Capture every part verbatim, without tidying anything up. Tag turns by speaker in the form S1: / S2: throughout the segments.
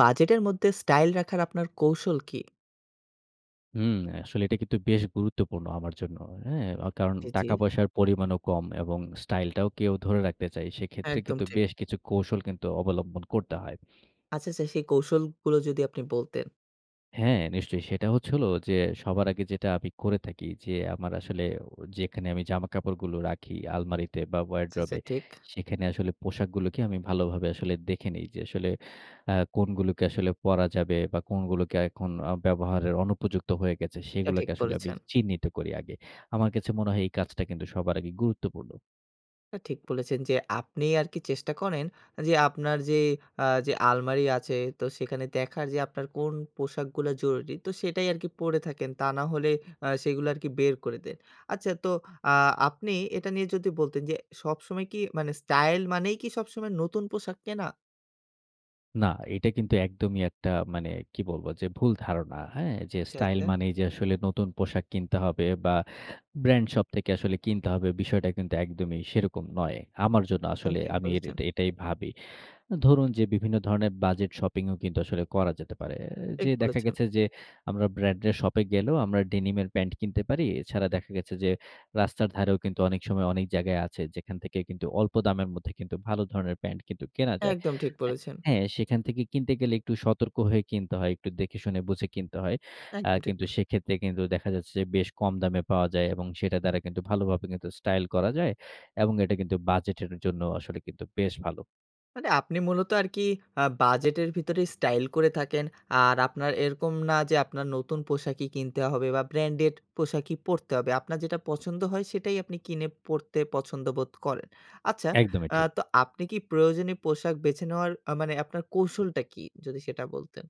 S1: বাজেটের মধ্যে স্টাইল রাখার আপনার কৌশল কি?
S2: হুম। আসলে এটা কিন্তু বেশ গুরুত্বপূর্ণ আমার জন্য। হ্যাঁ? আ কারণ
S1: জি, জি।
S2: টাকা পয়সার পরিমাণও কম এবং স্টাইলটাও কে ও ধরে রাখতে চাই। সেক্ষেত্রে
S1: একদম
S2: কিন্তু
S1: ঠিক।
S2: বেশ কিছু কৌশল কিন্তু অবলম্বন করতে হয়।
S1: আচ্ছা, আচ্ছা। সেই কৌশলগুলো যদি আপনি বলতেন।
S2: হ্যাঁ, নিশ্চয়ই। সেটা হচ্ছে হলো যে, সবার আগে যেটা আমি করে থাকি। যে আমার আসলে ও যেখানে আমি জামা-কাপড়গুলো রাখি আলমারিতে বা
S1: আচ্ছা, আচ্ছা।
S2: ওয়ারড্রোবে।
S1: ঠিক।
S2: সেখানে আসলে পোশাকগুলোকে আমি ভালোভাবে আসলে দেখে নেই। যে আসলে আ কোনগুলোকে আসলে পরা যাবে বা কোনগুলোকে এখন আ ব্যবহারের অনুপযুক্ত হয়ে গেছে।
S1: এটা
S2: সেগুলোকে
S1: ঠিক
S2: আসলে আমি
S1: বলেছেন।
S2: চিহ্নিত করি আগে। আমার কাছে মনে হয় এই কাজটা কিন্তু সবার আগে গুরুত্বপূর্ণ।
S1: এ ঠিক বলেছেন যে, আপনি আর কি চেষ্টা করেন যে, আপনার যে আ যে আলমারি আছে। তো সেখানে দেখার যে আপনার কোন পোশাকগুলো জরুরি। তো সেটাই আর কি পড়ে থাকেন। তা না হলে আ সেগুলো আর কি বের করে দেন। আচ্ছা তো আ আপনি এটা নিয়ে যদি বলতেন যে, সবসময় কি মানে স্টাইল মানেই কি সবসময় নতুন পোশাক কেনা?
S2: না, এটা কিন্তু একদমই একটা মানে, কি বলব যে ভুল ধারণা। হ্যাঁ? যে
S1: আচ্ছা,
S2: স্টাইল
S1: আচ্ছা।
S2: মানেই যে আসলে নতুন পোশাক কিনতে হবে বা ব্র্যান্ড শপ থেকে আসলে কিনতে হবে। বিষয়টা কিন্তু একদমই সেরকম নয়। আমার জন্য
S1: একদম
S2: আসলে
S1: ঠিক
S2: আমি এট
S1: বলেছেন।
S2: এট এটাই ভাবি। ধরুন যে, বিভিন্ন ধরণের বাজেট শপিং ও কিন্তু আসলে করা যেতে পারে। এ যে
S1: ঠিক
S2: দেখা
S1: বলেছেন।
S2: গেছে যে, আমরা ব্র্যান্ডের শপ এ গেলেও আমরা ডেনিমের প্যান্ট কিনতে পারি। এছাড়া দেখা গেছে যে রাস্তার ধারেও কিন্তু অনেক সময় অনেক জায়গায় আছে, যেখান থেকে কিন্তু অল্প দামের মধ্যে কিন্তু ভালো ধরনের প্যান্ট কিন্তু কেনা যায়।
S1: একদম ঠিক
S2: এ
S1: বলেছেন।
S2: হ্যাঁ, সেখান থেকে কিনতে গেলে একটু সতর্ক হয়ে কিনতে হয়। একটু দেখে শুনে বুঝে কিনতে হয়। আ
S1: একদম ঠিক।
S2: কিন্তু সেক্ষেত্রে কিন্তু দেখা যাচ্ছে যে, বেশ কম দামে পাওয়া যায় এবং সেটার দ্বারা কিন্তু ভালোভাবে কিন্তু স্টাইল করা যায় এবং এটা কিন্তু বাজেট এর জন্য আসলে কিন্তু বেশ ভালো।
S1: মানে আপনি মূলত আর কি, আ বাজেটের ভেতরেই স্টাইল করে থাকেন। আর আপনার এরকম না, যে আপনার নতুন পোশাকই কিনতে হবে বা ব্র্যান্ডেড পোশাকই পরতে হবে। আপনার যেটা পছন্দ হয়, সেটাই আপনি কিনে পড়তে পছন্দবোধ করেন। আচ্ছা,
S2: একদমই
S1: আ
S2: ঠিক।
S1: তো আপনি কি প্রয়োজনীয় পোশাক বেছে নেওয়ার, আ মানে আপনার কৌশলটা কী? যদি সেটা বলতেন?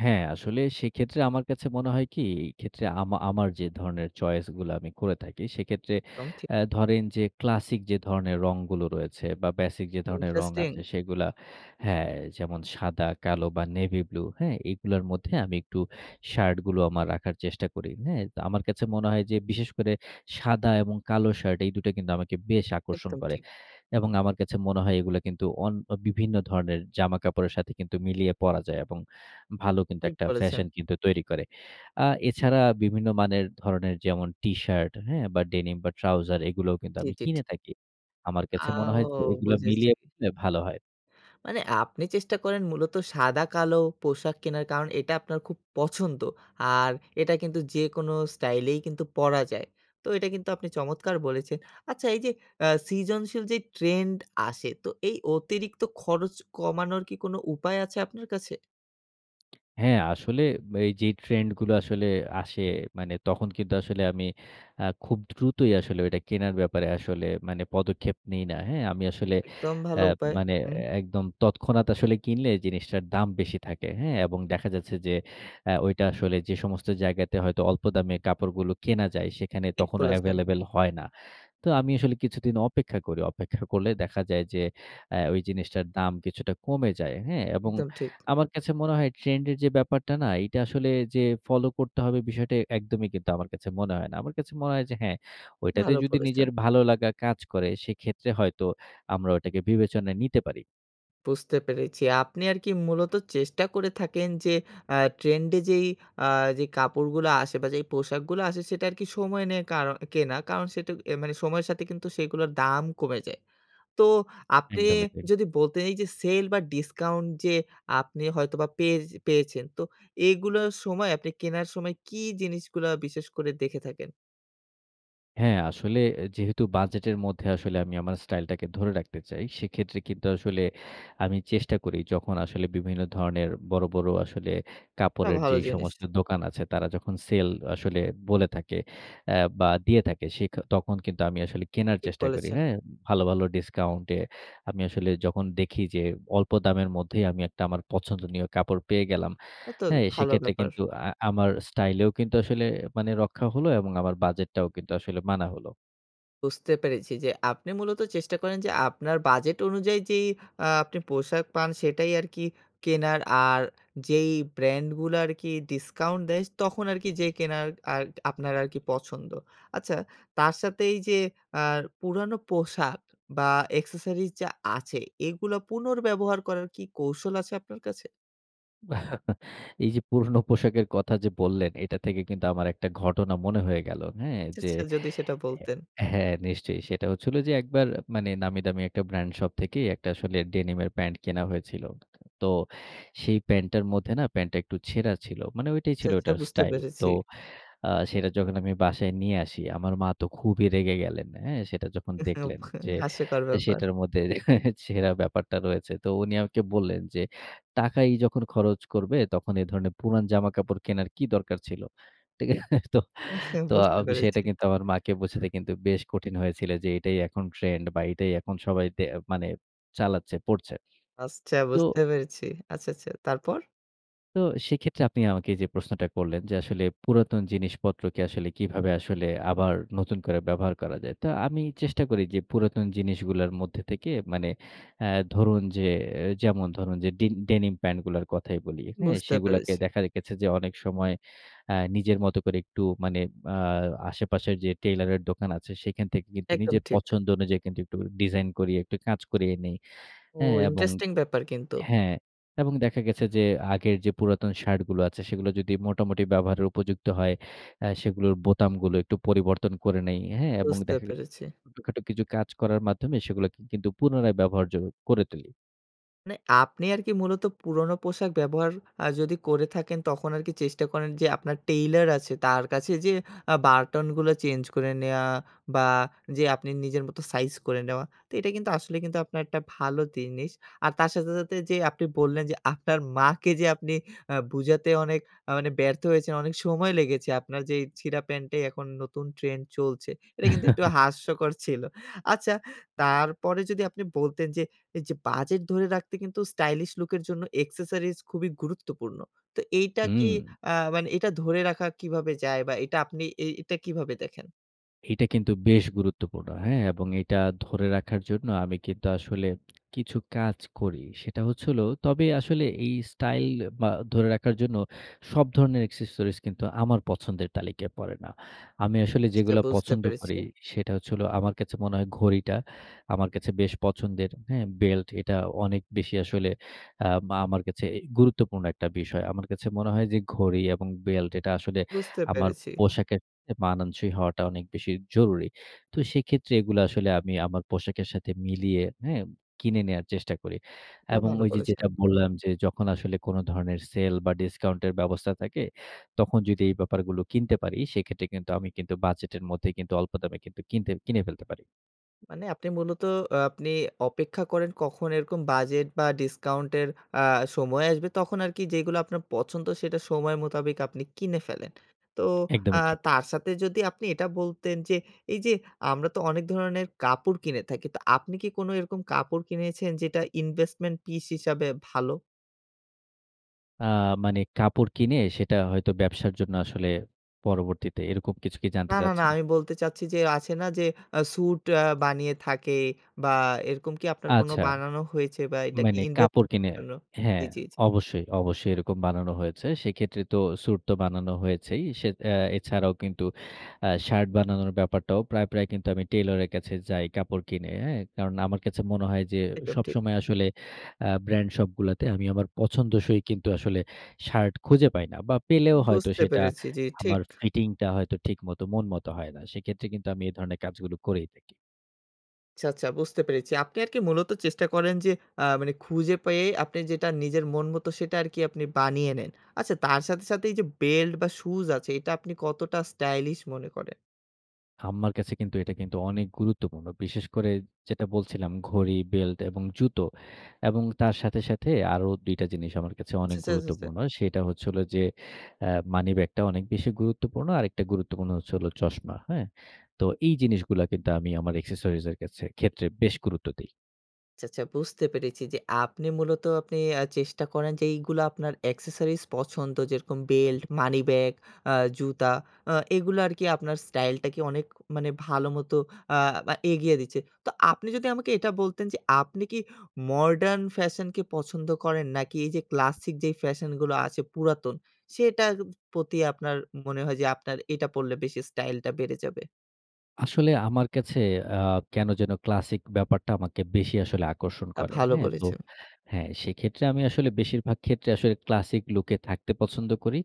S2: হ্যাঁ, আসলে সেক্ষেত্রে আমার কাছে মনে হয় কি? এই ক্ষেত্রে আমা আমার যে ধরনের চয়েস গুলো আমি করে থাকি, সেক্ষেত্রে
S1: দম, ঠিক।
S2: অ্যা ধরেন যে, ক্লাসিক যে ধরনের রংগুলো রয়েছে বা বেসিক যে ধরনের রং আছে
S1: Interesting।
S2: সেগুলো হ্যাঁ। যেমন সাদা, কালো বা নেভি ব্লু। হ্যাঁ? এগুলোর মধ্যে আমি একটু শার্ট গুলো রাখার চেষ্টা করি। হ্যাঁ? তো আমার কাছে মনে হয় যে বিশেষ করে, সাদা এবং কালো শার্ট, এই দুটা কিন্তু আমাকে বেশ আকর্ষণ
S1: একদম
S2: করে।
S1: ঠিক।
S2: এবং আমার কাছে মনে হয় এগুলো কিন্তু, অন বিভিন্ন ধরনের জামাকাপড়ের সাথে কিন্তু, মিলিয়ে পরা যায় এবং ভালো কিন্তু,
S1: ঠিক
S2: একটা
S1: বলেছেন।
S2: ফ্যাশন কিন্তু তৈরি করে। আ এছাড়া বিভিন্ন মানের, ধরনের যেমন টিশার্ট, হ্যাঁ? বা ডেনিম বা ট্রাউজার এগুলোও কিন্তু,
S1: জি,
S2: আমি
S1: জি। ঠিক।
S2: কিনে থাকি। আমার কাছে মনে হয় যে
S1: আও!
S2: এগুলো
S1: বুঝেছি।
S2: মিলিয়ে পরলে ভালো হয়।
S1: মানে আপনি চেষ্টা করেন মূলত, সাদা-কালো পোশাক কেনার কারণ, এটা আপনার খুব পছন্দ। আর এটা কিন্তু যেকোনো স্টাইলেই কিন্তু পরা যায়। তো এটা কিন্তু আপনি চমৎকার বলেছেন। আচ্ছা, এই যে, আ সিজনশীল যে ট্রেন্ড আসে, তো এই অতিরিক্ত খরচ কমানোর কি, কোনো উপায় আছে আপনার কাছে?
S2: হ্যাঁ, আসলে এই যে, ট্রেন্ড গুলো আসলে আসে, মানে তখন কিন্তু আসলে আমি আ খুব দ্রুতই আসলে, ওইটা কেনার ব্যাপারে আসলে, মানে পদক্ষেপ নেই না। হ্যাঁ? আমি আসলে
S1: একদম ভাল
S2: অ্যা
S1: উপায়।
S2: মানে
S1: হুম।
S2: একদম তৎক্ষণাৎ আসলে কিনলে, জিনিসটার দাম বেশি থাকে। হ্যাঁ? এবং দেখা যাচ্ছে যে, অ্যা ঐটা আসলে যে সমস্ত জায়গাতে, হয়তো অল্প দামে কাপড়গুলো কেনা যায়, সেখানে
S1: ঠিক
S2: তখনো
S1: বলেছেন।
S2: এভেইলেবল হয় না। তো আমি আসলে কিছুদিন অপেক্ষা করি। অপেক্ষা করলে দেখা যায় যে, অ্যা ওই জিনিসটার দাম কিছুটা কমে যায়। হ্যা? এবং
S1: একদম ঠিক।
S2: আমার কাছে মনে হয় ট্রেন্ড এর যে ব্যাপারটা না? এটা আসলে যে ফলো করতে হবে, বিষয়টা এ একদমই কিন্তু আমার কাছে মনে হয় না। আমার কাছে মনে হয় যে হ্যাঁ, ঐটাতে
S1: ভালো
S2: যদি
S1: বলেছেন।
S2: নিজের ভালো লাগা কাজ করে, সেক্ষেত্রে হয়তো আমরা ওটাকে বিবেচনায় নিতে পারি।
S1: বুঝতে পেরেছি। আপনি আর কি মূলত চেষ্টা করে থাকেন যে, আ ট্রেন্ড এ যেই আ যে কাপড়গুলো আসে বা যেই পোশাকগুলো আসে, সেটা আর কি সময় নিয়ে কারণ কেনা। কারণ সেটা এ মানে, সময়ের সাথে কিন্তু, সেগুলোর দাম কমে যায়। তো আপনি
S2: একদমই তাই।
S1: যদি বলতেন, এই যে সেল বা ডিসকাউন্ট যে আপনি হয়তোবা পেয়ে পেয়েছেন, তো এগুলোর সময়, আপনি কেনার সময় কী জিনিসগুলো বিশেষ করে দেখে থাকেন?
S2: হ্যাঁ। আসলে এ যেহেতু বাজেটের মধ্যে আসলে আমি আমার স্টাইলটাকে ধরে রাখতে চাই, সেক্ষেত্রে কিন্তু আসলে আমি চেষ্টা করি যখন আসলে বিভিন্ন ধরনের বড়, বড় আসলে
S1: তা
S2: কাপড়ের
S1: ভালো
S2: যেই
S1: জিনিস।
S2: সমস্ত দোকান আছে তারা যখন সেল আসলে বলে থাকে। আ বা দিয়ে থাকে সে ক তখন কিন্তু আমি আসলে কেনার
S1: ঠিক
S2: চেষ্টা করি।
S1: বলেছেন।
S2: হ্যাঁ? ভালো, ভালো ডিসকাউন্টে আমি আসলে যখন দেখি যে অল্প দামের মধ্যেই আমি একটা আমার পছন্দনীয় কাপড় পেয়ে গেলাম।
S1: এত
S2: হ্যাঁ?
S1: ভালো
S2: সেক্ষেত্রে
S1: ব্যাপার।
S2: কিন্তু আ আমার স্টাইলেও কিন্তু আসলে মানে রক্ষা হলো এবং আমার বাজেটটাও কিন্তু আসলে মানা হলো।
S1: বুঝতে পেরেছি যে, আপনি মূলত চেষ্টা করেন যে, আপনার বাজেট অনুযায়ী যেই আ আপনি পোশাক পান সেটাই আর কি কেনার আর যেই ব্র্যান্ডগুলো আর কি ডিসকাউন্ট দেয় তখন আর কি যেয়ে কেনার আর আপনার আর কি পছন্দ। আচ্ছা তার সাথে এই যে আ পুরানো পোশাক বা accessories যা আছে এগুলো পুনর্ব্যবহার করার কি কৌশল আছে আপনার কাছে?
S2: এই যে পুরোনো পোশাকের কথা যে বললেন, এটা থেকে কিন্তু আমার একটা ঘটনা মনে হয়ে গেল। হ্যাঁ?
S1: আচ্ছা,
S2: যে
S1: আচ্ছা যদি সেটা
S2: এ
S1: বলতেন।
S2: হ্যাঁ, নিশ্চয়ই। সেটা হচ্ছিল যে, একবার মানে নামি-দামি একটা ব্র্যান্ড শপ থেকেই এক টা আসলে ডেনিমের প্যান্ট কেনা হয়েছিল। তো সেই প্যান্টটার মধ্যে না, প্যান্টটা একটু ছেঁড়া ছিল। মানে ঐটাই
S1: আচ্ছা,
S2: ছিল
S1: আচ্ছা
S2: ওটার
S1: বুঝতে
S2: স্টাইল। তো
S1: পেরেছি।
S2: আ সেটা যখন আমি বাসায় নিয়ে আসি আমার মা তো খুবি রেগে গেলেন। হ্যাঁ? সেটা যখন দেখলেন যে,
S1: হাস্যকর ব্যাপার।
S2: সেটার মধ্যে ছেড়া ব্যাপারটা রয়েছে। তো উনি আমাকে বললেন যে, "টাকাই যখন খরচ করবে তখন, এ ধরণের পুরান জামা-কাপড় কেনার কি দরকার ছিল?" তো, তো
S1: বুঝতে
S2: আম সেটা
S1: পেরেছি।
S2: কিন্তু আমার মা'কে বোঝাতে কিন্তু বেশ কঠিন হয়েছিল যে, এটাই এখন ট্রেন্ড বা এটাই এখন সবাই তে মানে চালাচ্ছে, পড়ছে।
S1: আসছা,
S2: তো
S1: বুঝতে পেরেছি। আচ্ছা, আচ্ছা। তারপর?
S2: তো সেক্ষেত্রে আপনি আমাকে যে প্রশ্নটা করলেন, যে আসলে পুরাতন জিনিসপত্রকে আসলে কিভাবে আসলে আবার নতুন করে ব্যবহার করা যায়? তো আমি চেষ্টা করি যে, পুরাতন জিনিসগুলোর মধ্যে থেকে, মানে অ্যা ধরুন যে এ যেমন: ধরুন যে, ডিন ডেনিম প্যান্টগুলোর কথাই বলি, হ্যাঁ?
S1: বুঝতে
S2: সেগুলাকে
S1: পেরেছি।
S2: দেখা রেখেছে যে, অনেক সময় অ্যা নিজের মত করে একটু মানে আ আশেপাশের যে টেইলরের দোকান আছে, সেখান থেকে কিন্তু
S1: একদম
S2: নিজের
S1: ঠিক।
S2: পছন্দ অনুযায়ী কিন্তু একটু করে ডিজাইন করিয়ে, একটু কাজ করিয়ে নেই।
S1: ও!
S2: হ্যাঁ? এবং
S1: ইন্টারেস্টিং ব্যাপার কিন্তু।
S2: হ্যাঁ। এবং দেখা গেছে যে আগের যে পুরাতন শার্টগুলো আছে, সেগুলো যদি মোটামুটি ব্যবহারের উপযুক্ত হয়, অ্যা সেগুলোর বোতামগুলো একটু পরিবর্তন করে নেই। হ্যাঁ? এবং
S1: বুঝতে
S2: দেখা
S1: পেরেছি।
S2: ছোটখাটো কিছু কাজ করার মাধ্যমে সেগুলো কিন্তু পুনরায় ব্যবহারযোগ্য করে তুলি।
S1: মানে আপনি আরকি মূলত পুরনো পোশাক ব্যবহার অ্যা যদি করে থাকেন, তখন আরকি চেষ্টা করেন যে, আপনার টেইলর আছে তার কাছে যেয়ে অ্যা বার্টনগুলো চেঞ্জ করে নেওয়া বা, যে আপনি নিজের মত সাইজ করে নেওয়া। তো এটা কিন্তু আসলে কিন্তু আপনার একটা ভালো দিনিস। আর তার সাথে, সাথে যে আপনি বললেন, যে আপনার মাকে যে আপনি অ্যা বুঝাতে অনেক মানে ব্যর্থ হয়েছেন, অনেক সময় লেগেছে। আপনার যেই ছিঁড়া প্যান্টেই এখন নতুন ট্রেন্ড চলছে। এটা কিন্তু একটু হাস্যকর ছিল। আচ্ছা, তারপরে যদি আপনি বলতেন যে, এইযে বাজেট ধরে রাখতে কিন্তু স্টাইলিশ লুকের জন্য accessories খুবই গুরুত্বপূর্ণ। তো এইটা কি
S2: হুম।
S1: অ্যা মানে, এটা ধরে রাখা কীভাবে যায়? বা, এটা আপনি এই এটা কীভাবে দেখেন?
S2: এইটা কিন্তু বেশ গুরুত্বপূর্ণ, হ্যাঁ? এবং এইটা ধরে রাখার জন্য আমি কিন্তু আসলে কিছু কাজ করি। সেটা হচ্ছে হল তবে আসলে এই স্টাইল বা ধরে রাখার জন্য সব ধরনের accessories কিন্তু আমার পছন্দের তালিকায় পড়ে না। আমি আসলে
S1: সেটা
S2: যেগুলা
S1: বুঝতে
S2: পছন্দ
S1: পেরেছি।
S2: করি, সেটা হচ্ছে হল, আমার কাছে মনে হয় ঘড়িটা, আমার কাছে বেশ পছন্দের, হ্যাঁ? বেল্ট, এটা অনেক বেশি আসলে আম আমার কাছে এই গুরুত্বপূর্ণ একটা বিষয়। আমার কাছে মনে হয় যে ঘড়ি এবং বেল্ট এটা আসলে
S1: বুঝতে
S2: আমার
S1: পেরেছি।
S2: পোশাকের এ মানানসই হওয়াটা অনেক বেশি জরুরি। তো সেক্ষেত্রে এগুলা আসলে আমি আমার পোশাকের সাথে মিলিয়ে, হ্যাঁ? কিনে নেয়ার চেষ্টা করি।
S1: এটা
S2: এবং
S1: ভালো
S2: ওই যে
S1: বলেছেন।
S2: যেটা বললাম, যে যখন আসলে কোন ধরনের সেল বা ডিসকাউন্ট এর ব্যবস্থা থাকে, তখন যদি এই ব্যাপারগুলো কিনতে পারি, সেক্ষেত্রে কিন্তু আমি কিন্তু বাজেটের মধ্যেই কিন্তু অল্প দামে কিন্তু কিনতে কিনে ফেলতে পারি।
S1: মানে আপনি মূলত আপনি অপেক্ষা করেন কখন এরকম বাজেট বা ডিসকাউন্টের আ সময় আসবে। তখন আর কি যেইগুলা আপনার পছন্দ, সেটা সময় মোতাবেক আপনি কিনে ফেলেন। তো আ
S2: একদমই ঠিক।
S1: তার সাথে যদি আপনি এটা বলতেন, যে এই যে আমরা তো অনেক ধরনের কাপড় কিনে থাকি, তো আপনি কি কোনো এরকম কাপড় কিনেছেন যেটা invesmen-pish হিসাবে ভালো?
S2: আ মানে কাপড় কিনে সেটা হয়তো ব্যবসার জন্য আসলে পরবর্তীতে, এরকম কিছু কি
S1: না
S2: জানতে
S1: না না,
S2: চাচ্ছেন?
S1: আমি বলতে চাচ্ছি যে আছে না? যে আ স্যুট আ বানিয়ে থাকে, বা এরকম কি আপনার কোন
S2: আচ্ছা।
S1: বানানো হয়েছে বা এটা কি
S2: মানে
S1: ইনভেস্ট
S2: কাপড়
S1: এর
S2: কিনে
S1: জন্য জি,
S2: হ্যাঁ
S1: জি, জি।
S2: অবশ্যই, অবশ্যই এরকম বানানো হয়েছে। সেইক্ষেত্রে তো স্যুট তো বানানো হয়েছেই। সে অ্যা এছাড়াও কিন্তু, আ শার্ট বানানোর ব্যাপারটাও প্রায়, প্রায় কিন্তু আমি টেইলরের কাছে যাই কাপড় কিনে, হ্যাঁ? কারণ আমার কাছে মনে হয় যে,
S1: একদম ঠিক।
S2: সবসময় আসলে আ ব্র্যান্ড শপগুলাতে, আমি আমার পছন্দসই কিন্তু, আসলে শার্ট খুঁজে পাই না। বা পেলেও হয়তো
S1: বুঝতে
S2: সেটা
S1: পেরেছি. জি
S2: আমার
S1: ঠিক।
S2: ফিটিং টা, হয়তো ঠিকমতো, মন মত, হয় না। সেইক্ষেত্রে কিন্তু, আমি এ ধরনের কাজগুলো করেই থাকি।
S1: আচ্ছা, আচ্ছা, বুঝতে পেরেছি। আপনি আর কি মূলত চেষ্টা করেন যে, আ মানে খুঁজে পেয়ে আপনি যেটা নিজের মন মতো, সেটা আর কি আপনি বানিয়ে নেন। আচ্ছা তার সাথে, সাথে এই যে, বেল্ট বা শুজ আছে, এইটা আপনি কতটা স্টাইলিশ মনে করেন?
S2: আম্মার কাছে কিন্তু, এটা কিন্তু, অনেক গুরুত্বপূর্ণ। বিশেষ করে যেটা বলছিলাম ঘড়ি, বেল্ট এবং জুতো। এবং তার সাথে, সাথে, আরো দুই টা জিনিস আমার কাছে অনেক
S1: আচ্ছা, আচ্ছা, আচ্ছা, আচ্ছা।
S2: গুরুত্বপূর্ণ। সেটা হচ্ছে হলো যে, আ মানি ব্যাগটা অনেক বেশি গুরুত্বপূর্ণ। আরেকটা গুরুত্বপূর্ণ হচ্ছে হলো চশমা, হ্যাঁ? তো এই জিনিসগুলা কিন্তু, আমি আমার এক্সেসরিজ এর কাছে ক্ষেত্রে বেশ গুরুত্ব দেই।
S1: আচ্ছা, আচ্ছা। বুঝতে পেরেছি যে, আপনি মূলত আপনি আ চেষ্টা করেন যে, এইগুলো আপনার accesories পছন্দ, যেরকম বেল্ট, মানি ব্যাগ, আ জুতা আ এগুলো আরকি আপনার স্টাইলটাকে অনেক মানে ভালোমতো আ মা এগিয়ে দিচ্ছে। তো আপনি যদি আমাকে এটা বলতেন যে, আপনি কি modern fashion কে পছন্দ করেন? নাকি এইযে ক্লাসিক যে ফ্যাশনগুলো আছে, পুরাতন, সেটা এপ প্রতি আপনার মনে হয় যে আপনার এটা পড়লে বেশি স্টাইলটা বেড়ে যাবে?
S2: আসলে আমার কাছে আ কেন যেন ক্লাসিক ব্যাপারটা আমাকে বেশি আসলে
S1: এই
S2: আকর্ষণ
S1: তা
S2: করে।
S1: ভালো
S2: হ্যাঁ? তো
S1: বলেছেন।
S2: হ্যাঁ, সেইক্ষেত্রে আমি আসলে বেশিরভাগ ক্ষেত্রে আসলে classic look এ থাকতে পছন্দ করি।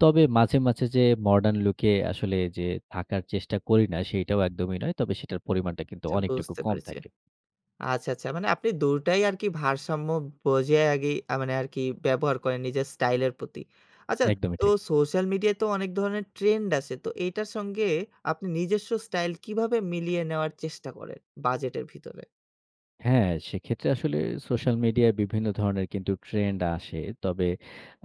S2: তবে মাঝে, মাঝে যে modern look এ আসলে যে থাকার চেষ্টা করি না, সেইটাও একদমই নয়। তবে সেটার পরিমাণটা কিন্তু
S1: চ্ছা
S2: অনেকটুকু
S1: বুঝতে
S2: কম
S1: পেরেছি।
S2: থাকে।
S1: আচ্ছা, আচ্ছা। মানে আপনি দু টাই আরকি ভারসাম্য বজায় আগেই মানে আরকি ব্যবহার করেন নিজের স্টাইলের প্রতি। আচ্ছা,
S2: একদমই
S1: তো
S2: ঠিক।
S1: সোশ্যাল মিডিয়ায় তো অনেক ধরনের trend আছে। তো এইটার সঙ্গে আপনি নিজস্ব স্টাইল কীভাবে মিলিয়ে নেওয়ার চেষ্টা করেন? বাজেটের ভিতরে।
S2: হ্যাঁ, সেক্ষেত্রে আসলে সোশ্যাল মিডিয়ায় বিভিন্ন ধরণের কিন্তু trend আসে। তবে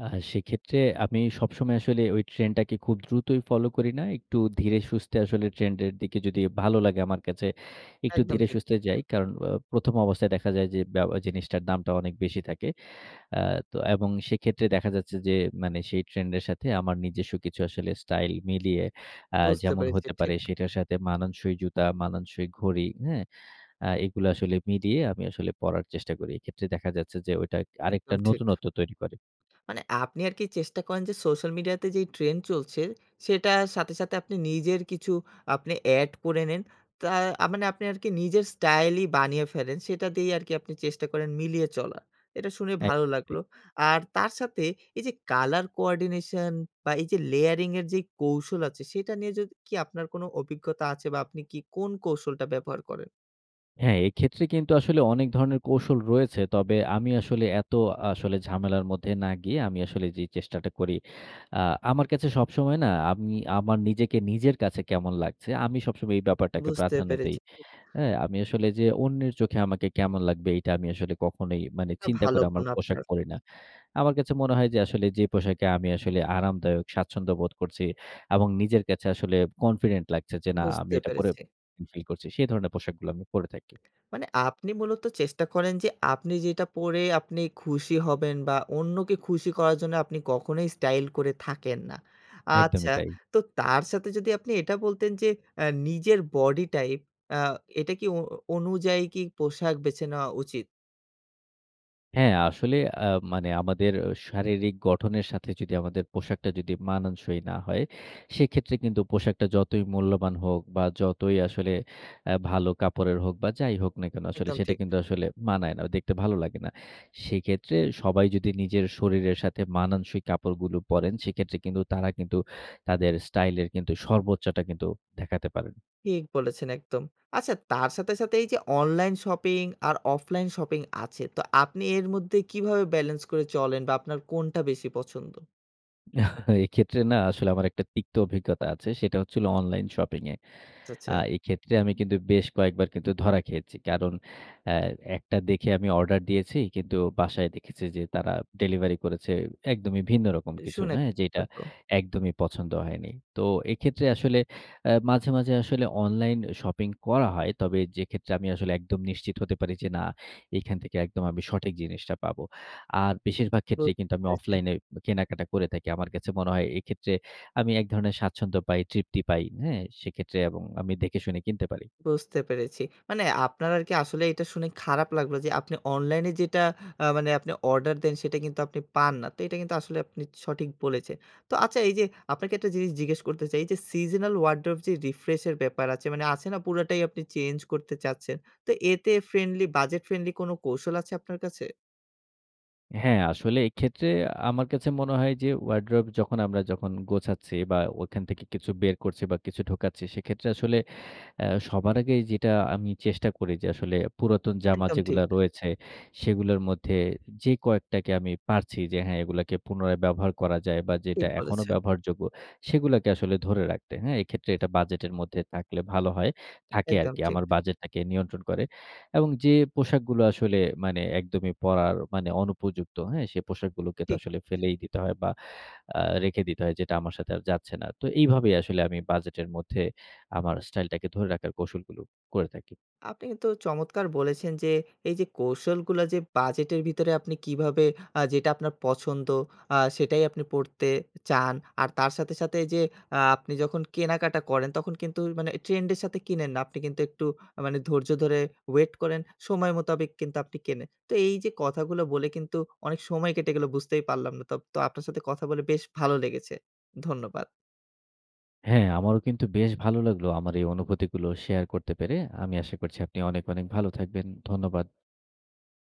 S2: আ সেক্ষেত্রে আমি সবসময় আসলে ঐ ট্রেন্ডটাকে খুব দ্রুতই ফলো করি না। একটু ধীরে-সুস্থে আসলে ট্রেন্ডের দিকে যদি ভালো লাগে আমার কাছে, একটু
S1: একদম ঠিক।
S2: ধীরে-সুস্থে যাই। কারণ, অ প্রথম অবস্থায় দেখা যায় যে, বে জিনিসটার দামটা অনেক বেশি থাকে। আ তো এবং সেক্ষেত্রে দেখা যাচ্ছে যে, মানে সেই ট্রেন্ডের সাথে আমার নিজস্ব কিছু আসলে স্টাইল মিলিয়ে আ
S1: বুঝতে
S2: যেমন
S1: পেরেছি।
S2: হতে পারে
S1: ঠিক।
S2: সেটার সাথে মানানসই জুতা, মানানসই ঘড়ি, হ্যাঁ? আ এগুলো আসলে মিলিয়ে আমি আসলে পড়ার চেষ্টা করি। এক্ষেত্রে দেখা যাচ্ছে যে, ওইটা আরেকটা
S1: একদম ঠিক।
S2: নতুনত্ব তৈরি করে।
S1: মানে আপনি আরকি চেষ্টা করেন যে সোশ্যাল মিডিয়াতে যেই ট্রেন্ড চলছে, সেটার সাথে, সাথে আপনি নিজের কিছু আপনি এড করে নেন। তা আ মানে আপনি আরকি নিজের স্টাইলই বানিয়ে ফেলেন। সেটা দিয়েই আরকি আপনি চেষ্টা করেন মিলিয়ে চলা। এটা শুনে
S2: এক
S1: ভালো
S2: ঠিক।
S1: লাগলো। আর তার সাথে এইযে colour coordination বা, এইযে layering এর যে কৌশল আছে, সেটা নিয়ে যদি কি আপনার কোনো অভিজ্ঞতা আছে? বা, আপনি কি কোন কৌশলটা ব্যবহার করেন?
S2: হ্যাঁ, এক্ষেত্রে কিন্তু আসলে অনেক ধরনের কৌশল রয়েছে। তবে আমি আসলে এত আসলে ঝামেলার মধ্যে না গিয়ে, আমি আসলে যেই চেষ্টাটা করি, আ আমার কাছে সবসময় না, আমি আমার নিজেকে নিজের কাছে কেমন লাগছে, আমি সবসময় এই ব্যাপারটাকে
S1: বুঝতে
S2: প্রাধান্য দেই।
S1: পেরেছি।
S2: হ্যাঁ? আমি আসলে যে অন্যের চোখে আমাকে কেমন লাগবে, এটা আমি আসলে কখনোই মানে
S1: এটা
S2: চিন্তা
S1: ভালো
S2: করে আমার
S1: গুন
S2: পোশাক
S1: আপনার।
S2: পরি না। আমার কাছে মনে হয় যে আসলে যে পোশাকে আমি আসলে আরামদায়ক, স্বাচ্ছন্দ্য বোধ করছি এবং নিজের কাছে আসলে কনফিডেন্ট লাগছে, যে না আমি
S1: বুঝতে
S2: এটা পরে
S1: পেরেছি।
S2: ফিল করছি। সে ধরণের পোশাকগুলো আমি পরে থাকি।
S1: মানে আপনি মূলত চেষ্টা করেন যে, আপনি যেটা পরে আপনি খুশি হবেন বা, অন্যকে খুশি করার জন্য আপনি কখনোই স্টাইল করে থাকেন না।
S2: একদমই
S1: আচ্ছা,
S2: তাই।
S1: তো তার সাথে যদি আপনি এটা বলতেন যে, এ নিজের বডি টাইপ, আ এটা কি অ অনুযায়ী কি পোশাক বেছে নেওয়া উচিত?
S2: হ্যাঁ। আসলে আ মানে আমাদের অ্যা শারীরিক গঠনের সাথে যদি আমাদের পোশাকটা যদি মানানসই না হয়, সেক্ষেত্রে কিন্তু পোশাকটা যতই মূল্যবান হোক বা, যতই আসলে অ্যা ভালো কাপড়ের হোক বা, যাই হোক না কেন? আসলে
S1: একদম
S2: সেটা
S1: ঠিক।
S2: কিন্তু আসলে মানায় না। দেখতে ভালো লাগে না। সেক্ষেত্রে সবাই যদি নিজের শরীরের সাথে মানানসই কাপড়গুলো পরেন, সেক্ষেত্রে কিন্তু তারা কিন্তু তাদের স্টাইলের কিন্তু সর্বোচ্চটা কিন্তু দেখাতে পারেন।
S1: ঠিক বলেছেন একদম। আচ্ছা, তার সাথে, সাথে এইযে অনলাইন শপিং আর অফলাইন শপিং আছে। তো আপনি এর মধ্যে কীভাবে ব্যালেন্স করে চলেন বা, আপনার কোনটা বেশি পছন্দ?
S2: এক্ষেত্রে না আসলে আমার একটা তিক্ত অভিজ্ঞতা আছে। সেটা হচ্ছে হলো অনলাইন শপিংয়ে।
S1: আচ্ছা,
S2: আ
S1: আচ্ছা।
S2: এইক্ষেত্রে আমি কিন্তু বেশ কয়েকবার কিন্তু ধরা খেয়েছি। কারণ, অ্যা একটা দেখে আমি অর্ডার দিয়েছি, কিন্তু বাসায় দেখেছি যে তারা ডেলিভারি করেছে একদমই ভিন্ন রকম
S1: এ
S2: কিছু,
S1: শুনে
S2: হ্যাঁ?
S1: [unintelligible]
S2: যেইটা
S1: লাগলো।
S2: একদমই পছন্দ হয়নি। তো এইক্ষেত্রে আসলে অ্যা মাঝে, মাঝে আসলে অনলাইন শপিং করা হয়। তবে যেক্ষেত্রে আমি আসলে একদম নিশ্চিত হতে পারি যে, না, এখান থেকে একদম আমি সঠিক জিনিসটা পাবো। আর বেশিরভাগ
S1: বু
S2: ক্ষেত্রেই
S1: [unintelligible]
S2: কিন্তু আমি
S1: পেরেছি।
S2: অফলাইনেই বে কেনাকাটা করে থাকি। আমার কাছে মনে হয়, এইক্ষেত্রে আমি এক ধরনের স্বাচ্ছন্দ্য পাই, তৃপ্তি পাই, হ্যাঁ? সেইক্ষেত্রে এবং আমি দেখেশুনে কিনতে পারি।
S1: বুঝতে পেরেছি। মানে আপনার আরকি আসলেই এইটা শুনে খারাপ লাগলো যে, আপনি অনলাইনে যেটা আ মানে আপনি অর্ডার দেন সেটা কিন্তু আপনি পান না। তো এইটা কিন্তু আসলে আপনি সঠিক বলেছেন। তো আচ্ছা এইযে আপনাকে একটা জিনিস জিজ্ঞেস করতে চাই। এইযে seasonal wardrobe যে রিফ্রেশের ব্যাপার আছে, মানে আছে না? পুরোটাই আপনি চেঞ্জ করতে চাচ্ছেন। তো এতে ফ্রেন্ডলি বাজেট ফ্রেন্ডলি কোন কৌশল আছে আপনার কাছে?
S2: হ্যাঁ, আসলে এইক্ষেত্রে আ আমার কাছে মনে হয় যে, wardrobe যখন আমরা যখন গোছাচ্ছি বা, ওইখান থেকে কিছু বের করছি বা, কিছু ঢুকাচ্ছি, সেইক্ষেত্রে আসলে অ্যা সবার আগেই যেইটা আমি চেষ্টা করি যে, আসলে পুরাতন জামা
S1: একদম
S2: যেগুলো
S1: ঠিক।
S2: রয়েছে, সেগুলোর মধ্যে যে কয়েকটাকে আমি পারছি যে, হ্যাঁ, এগুলাকে পুনরায় ব্যবহার করা যায় বা, যেটা
S1: ঠিক
S2: এখনো
S1: বলেছেন।
S2: ব্যবহারযোগ্য, সেগুলাকে আসলে ধরে রাখতে। হ্যাঁ? এক্ষেত্রে এটা বাজেটের মধ্যে থাকলে ভালো হয়, থাকে
S1: একদম
S2: আরকি।
S1: ঠিক।
S2: আমার বাজেটটাকে নিয়ন্ত্রণ করে। এবং যে পোশাকগুলো আসলে মানে একদমই পরার, মানে অনুপযুক্ত, হ্যাঁ? সে পোশাকগুলোকে তো
S1: ঠিক।
S2: আসলে
S1: আচ্ছা।
S2: ফেলেই দিতে হয় বা, আ রেখে দিতে হয়, যেটা আমার সাথে আর যাচ্ছে না। তো এইভাবেই আসলে আমি বাজেটের মধ্যে, আমার স্টাইলটাকে ধরে রাখার কৌশলগুলো করে থাকি।
S1: আপনি কিন্তু চমৎকার বলেছেন যে, এইযে কৌশলগুলো যে বাজেটের ভিতরে আপনি কিভাবে আ যেটা আপনার পছন্দ, আ সেটাই আপনি পরতে চান। আর তার সাথে, সাথে এইযে আ আপনি যখন কেনাকাটা করেন, তখন কিন্তু ওই মানে ট্রেন্ডের সাথে কিনেন না। আপনি কিন্তু একটু আ মানে ধৈর্য ধরে ওয়েট করেন। সময় মোতাবেক কিন্তু আপনি কেনেন। তো এইযে কথাগুলো বলে কিন্তু অনেক সময় কেটে গেলো, বুঝতেই পারলাম না। তোপ তো আপনার সাথে কথা বলে বেশ ভালো লেগেছে। ধন্যবাদ।
S2: হ্যাঁ, আমারও কিন্তু বেশ ভালো লাগলো আমার এই অনুভূতিগুলো শেয়ার করতে পেরে। আমি আশা করছি আপনি অনেক, অনেক ভালো থাকবেন। ধন্যবাদ।